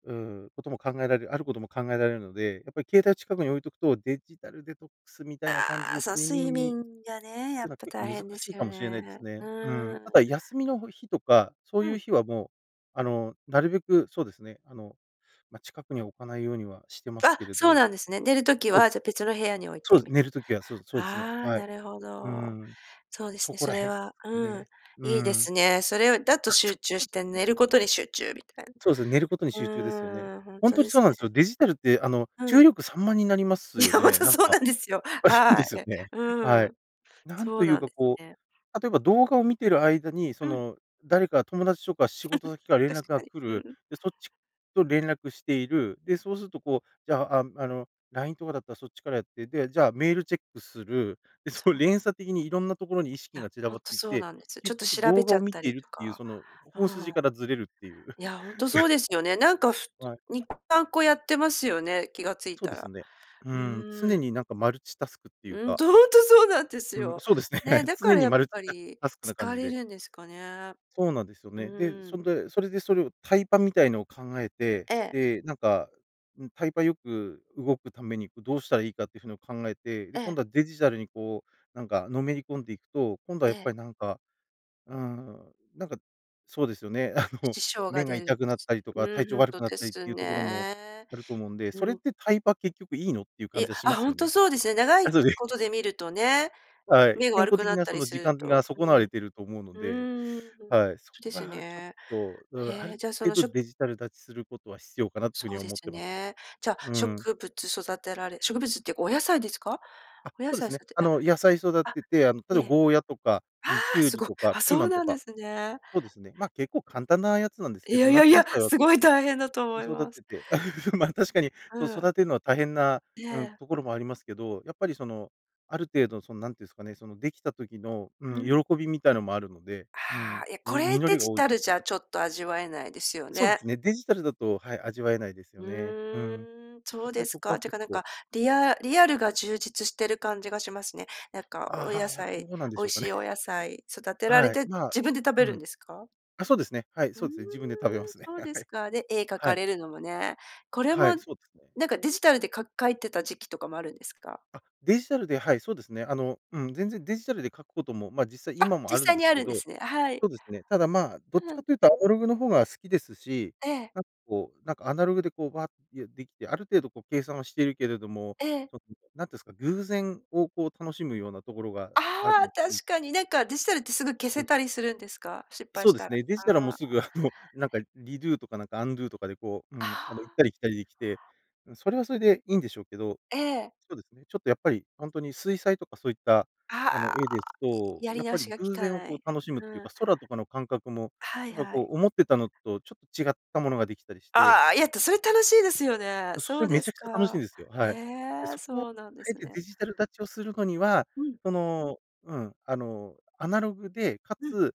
[SPEAKER 2] うーん、ことも考えられる、あることも考えられるので、やっぱり携帯近くに置いとくと、デジタルデトックスみたいな感じ
[SPEAKER 1] ああ、
[SPEAKER 2] で
[SPEAKER 1] そう、
[SPEAKER 2] 睡
[SPEAKER 1] 睡
[SPEAKER 2] 眠に、
[SPEAKER 1] 眠がね、
[SPEAKER 2] っ
[SPEAKER 1] や
[SPEAKER 2] ていうの
[SPEAKER 1] っ
[SPEAKER 2] は
[SPEAKER 1] ぱ大
[SPEAKER 2] 結構
[SPEAKER 1] 変で
[SPEAKER 2] 難し
[SPEAKER 1] す
[SPEAKER 2] い
[SPEAKER 1] よ
[SPEAKER 2] かもしれないで
[SPEAKER 1] ね、
[SPEAKER 2] す
[SPEAKER 1] う
[SPEAKER 2] ね。うん。
[SPEAKER 1] ー
[SPEAKER 2] た
[SPEAKER 1] ん。
[SPEAKER 2] だ休みの、ほ日とかそう
[SPEAKER 1] う
[SPEAKER 2] いう
[SPEAKER 1] ん。
[SPEAKER 2] 日は、もう、あの、なるべくそうですね。あの、ま、近くに置かないようにはしてます
[SPEAKER 1] あ、
[SPEAKER 2] けれど。
[SPEAKER 1] そうなんですね。寝る時
[SPEAKER 2] そうで
[SPEAKER 1] は、
[SPEAKER 2] す
[SPEAKER 1] じゃ、
[SPEAKER 2] ね。
[SPEAKER 1] 別の部屋に置い
[SPEAKER 2] そう
[SPEAKER 1] て
[SPEAKER 2] です。
[SPEAKER 1] み
[SPEAKER 2] 寝
[SPEAKER 1] たい。
[SPEAKER 2] る時はそうですそうですね。
[SPEAKER 1] ああ、
[SPEAKER 2] はい。
[SPEAKER 1] なるほ
[SPEAKER 2] う
[SPEAKER 1] ど。
[SPEAKER 2] ん。
[SPEAKER 1] そうです
[SPEAKER 2] そ
[SPEAKER 1] ね、
[SPEAKER 2] こ
[SPEAKER 1] そ
[SPEAKER 2] ら
[SPEAKER 1] れ
[SPEAKER 2] 辺で
[SPEAKER 1] は
[SPEAKER 2] すかね。
[SPEAKER 1] うん、
[SPEAKER 2] ね。う
[SPEAKER 1] いいで
[SPEAKER 2] ん。
[SPEAKER 1] すね。それをだと
[SPEAKER 2] あ、そう
[SPEAKER 1] 集中して、
[SPEAKER 2] なんですね。
[SPEAKER 1] 寝ることに集中みたいな。
[SPEAKER 2] そうですね、寝ることに
[SPEAKER 1] う
[SPEAKER 2] 集中ですよね。
[SPEAKER 1] ーん、ほん
[SPEAKER 2] ほん
[SPEAKER 1] と
[SPEAKER 2] とに
[SPEAKER 1] で
[SPEAKER 2] そう
[SPEAKER 1] す
[SPEAKER 2] なんです
[SPEAKER 1] ね。
[SPEAKER 2] よ。デジタルって、あの、
[SPEAKER 1] う
[SPEAKER 2] 注
[SPEAKER 1] ん。
[SPEAKER 2] 意力散漫になります
[SPEAKER 1] いや、
[SPEAKER 2] よ
[SPEAKER 1] ほん
[SPEAKER 2] ね、
[SPEAKER 1] と
[SPEAKER 2] なん
[SPEAKER 1] そう
[SPEAKER 2] か。
[SPEAKER 1] なんですよ。は
[SPEAKER 2] で
[SPEAKER 1] い。
[SPEAKER 2] すよね。
[SPEAKER 1] う
[SPEAKER 2] はい。
[SPEAKER 1] ん。
[SPEAKER 2] なん
[SPEAKER 1] そ
[SPEAKER 2] と
[SPEAKER 1] う
[SPEAKER 2] い
[SPEAKER 1] な
[SPEAKER 2] う
[SPEAKER 1] ん
[SPEAKER 2] か、
[SPEAKER 1] です
[SPEAKER 2] こ
[SPEAKER 1] ね。
[SPEAKER 2] う、例えば、動画を見てる間に、そ
[SPEAKER 1] うん。
[SPEAKER 2] の、誰か友達とか仕事先 から連
[SPEAKER 1] 確
[SPEAKER 2] 絡
[SPEAKER 1] か
[SPEAKER 2] が
[SPEAKER 1] に、
[SPEAKER 2] 来
[SPEAKER 1] う
[SPEAKER 2] る。
[SPEAKER 1] ん。
[SPEAKER 2] で、そっちと連絡している。で、そうすると、こう、じゃあ、ああの、LINE とかだったらそっちからやって、で、じゃあメールチェックする。で、そ
[SPEAKER 1] そ
[SPEAKER 2] の、
[SPEAKER 1] う。
[SPEAKER 2] 連鎖的にいろんなところに意
[SPEAKER 1] い
[SPEAKER 2] 識
[SPEAKER 1] や、
[SPEAKER 2] が散ら
[SPEAKER 1] ほ
[SPEAKER 2] ば
[SPEAKER 1] ん
[SPEAKER 2] っ
[SPEAKER 1] と
[SPEAKER 2] ていっ
[SPEAKER 1] そう
[SPEAKER 2] て、
[SPEAKER 1] なんです。ちょっ
[SPEAKER 2] 結
[SPEAKER 1] と
[SPEAKER 2] 局
[SPEAKER 1] 調べ
[SPEAKER 2] 動
[SPEAKER 1] ち
[SPEAKER 2] 画
[SPEAKER 1] ゃ
[SPEAKER 2] を
[SPEAKER 1] っ
[SPEAKER 2] 見
[SPEAKER 1] た
[SPEAKER 2] てい
[SPEAKER 1] り
[SPEAKER 2] る
[SPEAKER 1] と
[SPEAKER 2] っていう、
[SPEAKER 1] か、
[SPEAKER 2] その、
[SPEAKER 1] う
[SPEAKER 2] 本
[SPEAKER 1] ん。
[SPEAKER 2] 筋からずれるっていう。
[SPEAKER 1] いや、ほんとそうで すよね。なんか、ふつ
[SPEAKER 2] はい。
[SPEAKER 1] に、さんこやってますよね、気がつい
[SPEAKER 2] そう
[SPEAKER 1] た
[SPEAKER 2] です
[SPEAKER 1] ら。
[SPEAKER 2] ね。う
[SPEAKER 1] う
[SPEAKER 2] ん、
[SPEAKER 1] ー
[SPEAKER 2] 常
[SPEAKER 1] ん。
[SPEAKER 2] になんかマルチタスクっていう
[SPEAKER 1] うん、
[SPEAKER 2] か。
[SPEAKER 1] と、ほんとそうなんです
[SPEAKER 2] うん、
[SPEAKER 1] よ。
[SPEAKER 2] そうですね、は
[SPEAKER 1] ね、
[SPEAKER 2] い。
[SPEAKER 1] だか
[SPEAKER 2] 常
[SPEAKER 1] ら
[SPEAKER 2] に
[SPEAKER 1] やっ
[SPEAKER 2] マルチ
[SPEAKER 1] ぱ
[SPEAKER 2] タス
[SPEAKER 1] り
[SPEAKER 2] タスクな感
[SPEAKER 1] 疲
[SPEAKER 2] じ
[SPEAKER 1] れ
[SPEAKER 2] で。
[SPEAKER 1] るんですかね。
[SPEAKER 2] そうなんですよ
[SPEAKER 1] う
[SPEAKER 2] ね。で、
[SPEAKER 1] ーん。
[SPEAKER 2] それでそれで、それをタイパみたいのを考えて、
[SPEAKER 1] ええ。
[SPEAKER 2] で、なんか、うん、タイパよく動くために、こう、どうしたらいいかっていう風のを考えて、で、
[SPEAKER 1] え
[SPEAKER 2] 今
[SPEAKER 1] え。
[SPEAKER 2] 度はデジタルに、こう、なんかのめり込んでいくと、今度は
[SPEAKER 1] え
[SPEAKER 2] やっ
[SPEAKER 1] え。
[SPEAKER 2] ぱりなんか、うーん、なんか、そうですよね、あの、
[SPEAKER 1] 支障が
[SPEAKER 2] 目が
[SPEAKER 1] 出るんで
[SPEAKER 2] 痛くなっ
[SPEAKER 1] す
[SPEAKER 2] たりと
[SPEAKER 1] ね。
[SPEAKER 2] か、
[SPEAKER 1] う
[SPEAKER 2] 体
[SPEAKER 1] ん、ほ
[SPEAKER 2] 調
[SPEAKER 1] ん
[SPEAKER 2] 悪
[SPEAKER 1] と
[SPEAKER 2] くなっ
[SPEAKER 1] で
[SPEAKER 2] たりっ
[SPEAKER 1] す
[SPEAKER 2] ていうところも
[SPEAKER 1] ね。
[SPEAKER 2] あると思うんで、それ
[SPEAKER 1] う
[SPEAKER 2] っ
[SPEAKER 1] ん。
[SPEAKER 2] てタイパ結局いいの？っていう
[SPEAKER 1] い
[SPEAKER 2] 感
[SPEAKER 1] や、
[SPEAKER 2] じはしま
[SPEAKER 1] あ、
[SPEAKER 2] す
[SPEAKER 1] ほん
[SPEAKER 2] よ
[SPEAKER 1] と
[SPEAKER 2] ね。
[SPEAKER 1] そうですよね。長い
[SPEAKER 2] あ、そうで
[SPEAKER 1] ことで見るとね、
[SPEAKER 2] はい、
[SPEAKER 1] 目が
[SPEAKER 2] 健
[SPEAKER 1] 悪
[SPEAKER 2] 康
[SPEAKER 1] く
[SPEAKER 2] 的
[SPEAKER 1] なっ
[SPEAKER 2] な、
[SPEAKER 1] た
[SPEAKER 2] そ
[SPEAKER 1] り
[SPEAKER 2] の
[SPEAKER 1] す
[SPEAKER 2] 時
[SPEAKER 1] る
[SPEAKER 2] 間が
[SPEAKER 1] と。
[SPEAKER 2] 損なわ
[SPEAKER 1] う
[SPEAKER 2] れ
[SPEAKER 1] ん。
[SPEAKER 2] てると思うので。
[SPEAKER 1] うーん、そ
[SPEAKER 2] はい、そ
[SPEAKER 1] う
[SPEAKER 2] こ
[SPEAKER 1] ですよ
[SPEAKER 2] がちょっ
[SPEAKER 1] ね。
[SPEAKER 2] と、うーん、あ
[SPEAKER 1] へえ、
[SPEAKER 2] る
[SPEAKER 1] じゃ、その、
[SPEAKER 2] 程
[SPEAKER 1] し
[SPEAKER 2] 度
[SPEAKER 1] ょ
[SPEAKER 2] デジタル断ちすることは必要かなという風
[SPEAKER 1] そう
[SPEAKER 2] に
[SPEAKER 1] で
[SPEAKER 2] 思っ
[SPEAKER 1] す
[SPEAKER 2] てますね。
[SPEAKER 1] ね。じゃあ、
[SPEAKER 2] うん。
[SPEAKER 1] 植物育てられ植物っていうかお野菜ですか？
[SPEAKER 2] あ、
[SPEAKER 1] お野
[SPEAKER 2] そうで
[SPEAKER 1] 菜
[SPEAKER 2] すね。
[SPEAKER 1] 育て
[SPEAKER 2] あ
[SPEAKER 1] あ
[SPEAKER 2] の、野菜育
[SPEAKER 1] あ、
[SPEAKER 2] てて、あの、例えば
[SPEAKER 1] ね。
[SPEAKER 2] ゴーヤとか、
[SPEAKER 1] あ
[SPEAKER 2] うん、キ
[SPEAKER 1] あ、
[SPEAKER 2] ュウ
[SPEAKER 1] す
[SPEAKER 2] リ
[SPEAKER 1] ご。あ
[SPEAKER 2] とか
[SPEAKER 1] あ、
[SPEAKER 2] ピー
[SPEAKER 1] そ
[SPEAKER 2] マ
[SPEAKER 1] う
[SPEAKER 2] ンと
[SPEAKER 1] なんで
[SPEAKER 2] か、
[SPEAKER 1] すね。
[SPEAKER 2] そうですね。ま、結構簡単なやつなんです
[SPEAKER 1] い
[SPEAKER 2] けど、
[SPEAKER 1] やいやい
[SPEAKER 2] 夏野
[SPEAKER 1] や、
[SPEAKER 2] 菜は
[SPEAKER 1] す
[SPEAKER 2] 結
[SPEAKER 1] ごい
[SPEAKER 2] 構、
[SPEAKER 1] 大変だと思い
[SPEAKER 2] 育
[SPEAKER 1] ます。
[SPEAKER 2] てて、ま、確かに、
[SPEAKER 1] う
[SPEAKER 2] そう、
[SPEAKER 1] ん。
[SPEAKER 2] 育てるのは大変な、
[SPEAKER 1] え
[SPEAKER 2] うん、
[SPEAKER 1] え。
[SPEAKER 2] ところもありますけど、やっぱり、その、ある程度、その、なんて言うんすかね、その、できた時の、う
[SPEAKER 1] うん。
[SPEAKER 2] ん、喜びみたいなのもあるので、う
[SPEAKER 1] あ
[SPEAKER 2] ん。
[SPEAKER 1] あ、いや、こ
[SPEAKER 2] み
[SPEAKER 1] れ
[SPEAKER 2] 実
[SPEAKER 1] デ
[SPEAKER 2] りが
[SPEAKER 1] ジ
[SPEAKER 2] 多い
[SPEAKER 1] タ
[SPEAKER 2] と
[SPEAKER 1] ル
[SPEAKER 2] 思
[SPEAKER 1] じ
[SPEAKER 2] う。
[SPEAKER 1] ゃちょっと味わえないですよ
[SPEAKER 2] そうで
[SPEAKER 1] ね。
[SPEAKER 2] すね。デジタルだと、はい、味わえないです
[SPEAKER 1] う
[SPEAKER 2] よね。うん。
[SPEAKER 1] ーん、そ
[SPEAKER 2] や
[SPEAKER 1] う
[SPEAKER 2] っぱ
[SPEAKER 1] で
[SPEAKER 2] り
[SPEAKER 1] す
[SPEAKER 2] そこ
[SPEAKER 1] か、っ
[SPEAKER 2] は
[SPEAKER 1] ていう
[SPEAKER 2] 結
[SPEAKER 1] かなん
[SPEAKER 2] 構。
[SPEAKER 1] か、リアリアルが充実してる感じがしますね。なんか
[SPEAKER 2] あ
[SPEAKER 1] お野
[SPEAKER 2] あ、はあ、ど
[SPEAKER 1] 菜
[SPEAKER 2] うなんで
[SPEAKER 1] 美
[SPEAKER 2] し
[SPEAKER 1] 味
[SPEAKER 2] ょうか
[SPEAKER 1] し
[SPEAKER 2] ね。
[SPEAKER 1] いお野菜育 てられ
[SPEAKER 2] はい。
[SPEAKER 1] て、
[SPEAKER 2] まあ、
[SPEAKER 1] 自分で食べ
[SPEAKER 2] う
[SPEAKER 1] るん
[SPEAKER 2] ん。
[SPEAKER 1] ですか？
[SPEAKER 2] あ、そうですね。はい、
[SPEAKER 1] うー
[SPEAKER 2] そ
[SPEAKER 1] ん、
[SPEAKER 2] うですね。自分で食べますね。
[SPEAKER 1] そうで
[SPEAKER 2] は
[SPEAKER 1] す
[SPEAKER 2] い。
[SPEAKER 1] か。で、絵描
[SPEAKER 2] は
[SPEAKER 1] か
[SPEAKER 2] い。
[SPEAKER 1] れるのもね。これ
[SPEAKER 2] は
[SPEAKER 1] も
[SPEAKER 2] い、そうですね。
[SPEAKER 1] なんかデジタルで、か描いてた時期とかもあるんですか？
[SPEAKER 2] あ、デジタルで、はい、そうですね。あの、うん、全然デジタルで描くことも、ま、実際
[SPEAKER 1] あ、
[SPEAKER 2] 今も
[SPEAKER 1] 実
[SPEAKER 2] あるん
[SPEAKER 1] 際
[SPEAKER 2] で
[SPEAKER 1] に
[SPEAKER 2] す
[SPEAKER 1] あ
[SPEAKER 2] け
[SPEAKER 1] るんで
[SPEAKER 2] ど
[SPEAKER 1] すね。は
[SPEAKER 2] そ
[SPEAKER 1] い。
[SPEAKER 2] うですね。ただ、まあ、どっち
[SPEAKER 1] う
[SPEAKER 2] か
[SPEAKER 1] ん。
[SPEAKER 2] と言うとアナログの方が好きですし、
[SPEAKER 1] ええ。
[SPEAKER 2] なんか、こう、なんかアナログで、こう、わって、いうできて、ある程度、こう計算をしているけれども、
[SPEAKER 1] ええ。
[SPEAKER 2] その、何て言うんすか、偶然を、こう、楽しむようなところがある
[SPEAKER 1] あ
[SPEAKER 2] ん
[SPEAKER 1] あ、
[SPEAKER 2] で。
[SPEAKER 1] 確かに。なんかデジタルってすぐ消
[SPEAKER 2] そう
[SPEAKER 1] せ
[SPEAKER 2] です。
[SPEAKER 1] たりするんですか、失敗
[SPEAKER 2] そう
[SPEAKER 1] し
[SPEAKER 2] で
[SPEAKER 1] た
[SPEAKER 2] す
[SPEAKER 1] ら。
[SPEAKER 2] ね、デジタルは、もう
[SPEAKER 1] あ
[SPEAKER 2] す
[SPEAKER 1] あ。
[SPEAKER 2] ぐ、あの、なんかリドゥとかなんかアンドゥとかで、こう、う
[SPEAKER 1] あ
[SPEAKER 2] ん、あの、行っ
[SPEAKER 1] あ。
[SPEAKER 2] たり来たりできて、うん。それはそれでいいんでしょうけど
[SPEAKER 1] ええ。
[SPEAKER 2] そうですね。ちょっとやっぱり、ほんとに水彩とかそういった、あの、
[SPEAKER 1] ああ、
[SPEAKER 2] 絵です
[SPEAKER 1] い
[SPEAKER 2] と、
[SPEAKER 1] やり
[SPEAKER 2] やっ
[SPEAKER 1] 直
[SPEAKER 2] ぱり
[SPEAKER 1] しがき
[SPEAKER 2] 偶
[SPEAKER 1] か
[SPEAKER 2] 然を
[SPEAKER 1] な
[SPEAKER 2] こう
[SPEAKER 1] い、
[SPEAKER 2] 楽しむっていう
[SPEAKER 1] うん。
[SPEAKER 2] か、空とかの感覚も、
[SPEAKER 1] はい
[SPEAKER 2] やっぱ、
[SPEAKER 1] は
[SPEAKER 2] こ
[SPEAKER 1] い。
[SPEAKER 2] う、思ってたのとちょっと違ったものができたりして。
[SPEAKER 1] ああ、いや、てそれ楽しいですよね。
[SPEAKER 2] あ、そし
[SPEAKER 1] そ
[SPEAKER 2] て、
[SPEAKER 1] う
[SPEAKER 2] め
[SPEAKER 1] で
[SPEAKER 2] ち
[SPEAKER 1] す
[SPEAKER 2] ゃくちゃ楽しいん
[SPEAKER 1] か。
[SPEAKER 2] ですよ。
[SPEAKER 1] へ
[SPEAKER 2] はい。で、
[SPEAKER 1] え、
[SPEAKER 2] そこをあ
[SPEAKER 1] そうなんで
[SPEAKER 2] え
[SPEAKER 1] す
[SPEAKER 2] て
[SPEAKER 1] ね。
[SPEAKER 2] デジタル断ちをするのには、
[SPEAKER 1] うん。
[SPEAKER 2] その、うん。あの、アナログでか
[SPEAKER 1] うん。
[SPEAKER 2] つ、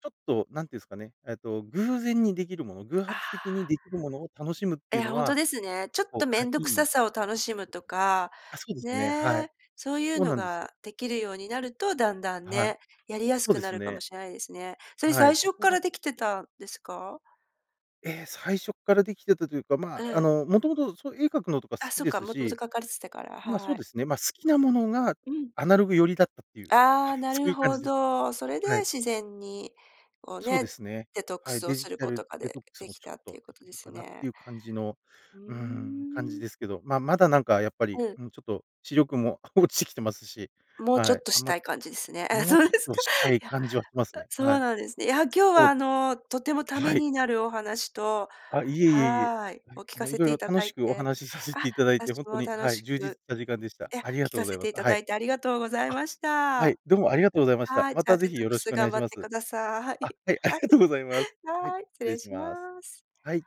[SPEAKER 2] ちょっと何て言うんすかね、えっと、偶然にできるもの偶
[SPEAKER 1] あ
[SPEAKER 2] 発的に
[SPEAKER 1] あ。
[SPEAKER 2] できるものを楽しむってい
[SPEAKER 1] え、
[SPEAKER 2] うの
[SPEAKER 1] ほんと
[SPEAKER 2] は、
[SPEAKER 1] ですね。ちょっ
[SPEAKER 2] こう
[SPEAKER 1] と
[SPEAKER 2] は
[SPEAKER 1] 面
[SPEAKER 2] い。
[SPEAKER 1] 倒く
[SPEAKER 2] い
[SPEAKER 1] さ
[SPEAKER 2] い
[SPEAKER 1] さを楽しむとか、
[SPEAKER 2] あ、そうですね。はい。
[SPEAKER 1] ね。そういう
[SPEAKER 2] そう
[SPEAKER 1] の
[SPEAKER 2] なんですよ。
[SPEAKER 1] ができるようになると、だんだん
[SPEAKER 2] はい。
[SPEAKER 1] ね、やりやす
[SPEAKER 2] そう
[SPEAKER 1] く
[SPEAKER 2] で
[SPEAKER 1] な
[SPEAKER 2] す
[SPEAKER 1] るか
[SPEAKER 2] ね。
[SPEAKER 1] もしれないですね。それ
[SPEAKER 2] はい。
[SPEAKER 1] 最
[SPEAKER 2] そ
[SPEAKER 1] 初っ
[SPEAKER 2] こ
[SPEAKER 1] か
[SPEAKER 2] が
[SPEAKER 1] らできてたんですか？
[SPEAKER 2] ええ、最初っからできてたというか、ま
[SPEAKER 1] え
[SPEAKER 2] あ、あ
[SPEAKER 1] え。
[SPEAKER 2] の、もともとそういう絵描くのとか好
[SPEAKER 1] あ、
[SPEAKER 2] き
[SPEAKER 1] そう
[SPEAKER 2] で
[SPEAKER 1] か、
[SPEAKER 2] す
[SPEAKER 1] もともと
[SPEAKER 2] し、
[SPEAKER 1] 描かれてたから、
[SPEAKER 2] まあ、そう
[SPEAKER 1] はい。
[SPEAKER 2] ですね、まあ、好きなものが
[SPEAKER 1] うん。
[SPEAKER 2] アナログ寄りだったっていう、
[SPEAKER 1] あ
[SPEAKER 2] はい、
[SPEAKER 1] あ、な
[SPEAKER 2] そう
[SPEAKER 1] る
[SPEAKER 2] いう感
[SPEAKER 1] ほ
[SPEAKER 2] じです。
[SPEAKER 1] ど。それで
[SPEAKER 2] はい。
[SPEAKER 1] 自然に、こう、
[SPEAKER 2] そうで
[SPEAKER 1] ね、
[SPEAKER 2] すね。
[SPEAKER 1] デトック
[SPEAKER 2] はい。
[SPEAKER 1] スを
[SPEAKER 2] デジ
[SPEAKER 1] する
[SPEAKER 2] タ
[SPEAKER 1] こと
[SPEAKER 2] ル
[SPEAKER 1] が、
[SPEAKER 2] デト
[SPEAKER 1] で
[SPEAKER 2] ックス
[SPEAKER 1] で
[SPEAKER 2] も
[SPEAKER 1] き
[SPEAKER 2] ちょ
[SPEAKER 1] た
[SPEAKER 2] っ
[SPEAKER 1] ってい
[SPEAKER 2] と
[SPEAKER 1] うこ
[SPEAKER 2] で
[SPEAKER 1] と
[SPEAKER 2] き
[SPEAKER 1] で
[SPEAKER 2] る
[SPEAKER 1] す
[SPEAKER 2] かなっ
[SPEAKER 1] ね。
[SPEAKER 2] ていう感じの、
[SPEAKER 1] う
[SPEAKER 2] うーん、感
[SPEAKER 1] ー
[SPEAKER 2] じ
[SPEAKER 1] ん。
[SPEAKER 2] ですけど。まあ、まだなんかやっぱり、
[SPEAKER 1] うん。
[SPEAKER 2] もうちょっと視力も落ちてきてますし、
[SPEAKER 1] もう、ちょ
[SPEAKER 2] は
[SPEAKER 1] っ
[SPEAKER 2] い。
[SPEAKER 1] と
[SPEAKER 2] あ
[SPEAKER 1] し
[SPEAKER 2] んま、
[SPEAKER 1] たい感じですね。あ、
[SPEAKER 2] もう、
[SPEAKER 1] そう
[SPEAKER 2] ちょっ
[SPEAKER 1] です
[SPEAKER 2] と
[SPEAKER 1] か。
[SPEAKER 2] した
[SPEAKER 1] い
[SPEAKER 2] い
[SPEAKER 1] や、
[SPEAKER 2] 感
[SPEAKER 1] あ、
[SPEAKER 2] じはしますね。
[SPEAKER 1] そう
[SPEAKER 2] はい。
[SPEAKER 1] なんですね。いや、今日
[SPEAKER 2] そ
[SPEAKER 1] は、
[SPEAKER 2] う
[SPEAKER 1] あ
[SPEAKER 2] で
[SPEAKER 1] の、とてもた
[SPEAKER 2] す、
[SPEAKER 1] め
[SPEAKER 2] はい。
[SPEAKER 1] になるお話と
[SPEAKER 2] あ、いえいえいえ。
[SPEAKER 1] はい
[SPEAKER 2] は
[SPEAKER 1] を
[SPEAKER 2] い。
[SPEAKER 1] 聞
[SPEAKER 2] あ
[SPEAKER 1] か
[SPEAKER 2] の、い
[SPEAKER 1] せ
[SPEAKER 2] ろい
[SPEAKER 1] て
[SPEAKER 2] ろ
[SPEAKER 1] いた
[SPEAKER 2] 楽
[SPEAKER 1] だ
[SPEAKER 2] し
[SPEAKER 1] い
[SPEAKER 2] くお
[SPEAKER 1] て、
[SPEAKER 2] 話させ
[SPEAKER 1] あ、
[SPEAKER 2] ていただいて、ほ
[SPEAKER 1] 私
[SPEAKER 2] んと
[SPEAKER 1] も
[SPEAKER 2] に、
[SPEAKER 1] 楽
[SPEAKER 2] はい、
[SPEAKER 1] し
[SPEAKER 2] 充実し
[SPEAKER 1] く
[SPEAKER 2] た時間でした。
[SPEAKER 1] いや、
[SPEAKER 2] ありが
[SPEAKER 1] 聞
[SPEAKER 2] とう
[SPEAKER 1] か
[SPEAKER 2] ござ
[SPEAKER 1] せ
[SPEAKER 2] いま
[SPEAKER 1] て
[SPEAKER 2] す。
[SPEAKER 1] いた
[SPEAKER 2] は
[SPEAKER 1] だ
[SPEAKER 2] い。
[SPEAKER 1] いてありがとうござい
[SPEAKER 2] あ、
[SPEAKER 1] まし
[SPEAKER 2] は
[SPEAKER 1] た。
[SPEAKER 2] い。どうもありがとうございました。
[SPEAKER 1] はい、
[SPEAKER 2] ま
[SPEAKER 1] じゃあ、
[SPEAKER 2] た是
[SPEAKER 1] デ
[SPEAKER 2] 非
[SPEAKER 1] トッ
[SPEAKER 2] よ
[SPEAKER 1] ク
[SPEAKER 2] ろし
[SPEAKER 1] ス
[SPEAKER 2] くお願
[SPEAKER 1] 頑
[SPEAKER 2] いし
[SPEAKER 1] 張っ
[SPEAKER 2] ま
[SPEAKER 1] て
[SPEAKER 2] す。
[SPEAKER 1] ください。
[SPEAKER 2] あ、はい、あり
[SPEAKER 1] はい。
[SPEAKER 2] がとうございます。はい、失
[SPEAKER 1] はい、失
[SPEAKER 2] 礼
[SPEAKER 1] 礼
[SPEAKER 2] し
[SPEAKER 1] しま
[SPEAKER 2] ます。
[SPEAKER 1] す。
[SPEAKER 2] はい。